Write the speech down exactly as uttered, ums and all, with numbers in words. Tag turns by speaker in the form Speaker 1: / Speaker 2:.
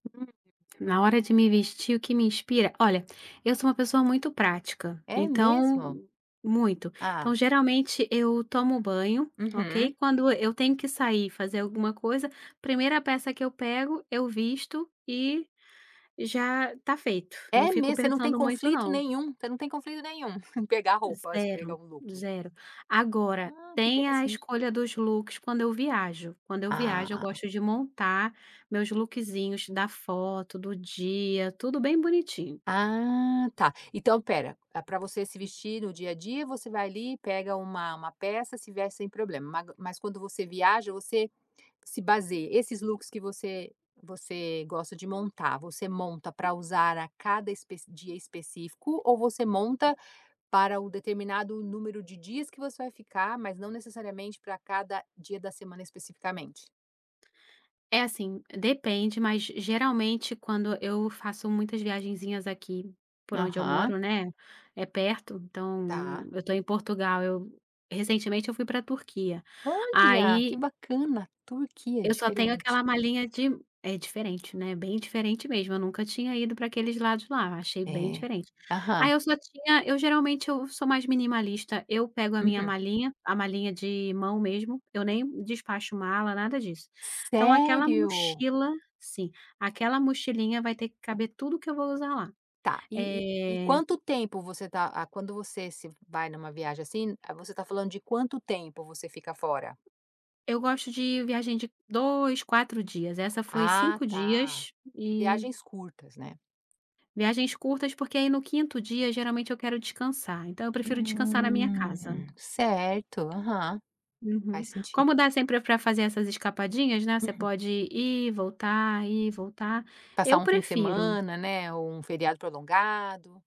Speaker 1: [unintelligible] Na hora de me vestir, o que me inspira olha, eu sou uma pessoa muito prática,
Speaker 2: É mesmo?
Speaker 1: então muito.
Speaker 2: Ah.
Speaker 1: Então, geralmente eu tomo banho,
Speaker 2: Uhum.
Speaker 1: ok, quando eu tenho que sair, fazer alguma coisa, primeira peça que eu pego, eu visto, e já está feito. Não
Speaker 2: É
Speaker 1: fico
Speaker 2: mesmo? Você não tem
Speaker 1: pensando muito
Speaker 2: conflito
Speaker 1: não.
Speaker 2: nenhum? Você não tem conflito nenhum, pegar roupas, pegar
Speaker 1: zero,
Speaker 2: um look.
Speaker 1: zero. Agora,
Speaker 2: Ah, que
Speaker 1: tem a
Speaker 2: interessante.
Speaker 1: escolha dos looks quando eu viajo. Quando eu viajo, eu
Speaker 2: Ah.
Speaker 1: gosto de montar meus lookzinhos da foto, do dia, tudo bem bonitinho.
Speaker 2: Ah, tá. Então espera, eh, pra você se vestir no dia a dia, você vai ali, pega uma uma peça, se veste sem problema. Mas q quando você viaja, você se basei esses looks que você você gosta de montar, você monta pra usar a cada espec dia específico, ou você monta para o determinado número de dias que você vai ficar, mas não necessariamente pra cada dia da semana, especificamente?
Speaker 1: É assim, depende, mas geralmente quando eu faço muitas viagenzinhas aqui, por onde eu
Speaker 2: Aham.
Speaker 1: moro, né. É perto, então, eu
Speaker 2: Tá.
Speaker 1: eu estou em Portugal, eu recentemente eu fui pra Turquia,
Speaker 2: Olha, que
Speaker 1: aí
Speaker 2: bacana. Turquia, é
Speaker 1: Eu só tenho
Speaker 2: diferente.
Speaker 1: aquela malinha de é diferente, né. Bem diferente mesmo, eu nunca tinha ido pra aqueles lados lá, achei bem
Speaker 2: É.
Speaker 1: diferente. Aí
Speaker 2: Aham.
Speaker 1: eu só tinha eu geralmente, eu sou mais minimalista, eu pego a minha
Speaker 2: Uhum.
Speaker 1: malinha, a malinha de mão mesmo, eu nem despacho mala, nada disso. Então aquela
Speaker 2: Sério?
Speaker 1: mochila sim, aquela mochilinha vai ter que caber tudo o que eu vou usar lá.
Speaker 2: Tá, e e e
Speaker 1: Eh
Speaker 2: quanto tempo você está ah, quando você se vai numa viagem assim, ah, você está falando de quanto tempo, você fica fora?
Speaker 1: Eu gosto de viagem de dois, quatro dias. Essa foi
Speaker 2: Ah
Speaker 1: cinco
Speaker 2: tá.
Speaker 1: dias, e
Speaker 2: Viagens curtas, né?
Speaker 1: Viagens curtas, porque aí no quinto dia, geralmente eu quero descansar, então eu prefiro descansar na minha casa.
Speaker 2: Hum. Certo, aham.
Speaker 1: Uhum.
Speaker 2: Faz senti
Speaker 1: Como dá sempre pra fazer essas escapadinhas, né, você
Speaker 2: Uhum.
Speaker 1: pode ir, voltar, ir e voltar,
Speaker 2: Passar
Speaker 1: eu
Speaker 2: um fim de
Speaker 1: prefiro.
Speaker 2: semana, né, ou um feriado prolongado.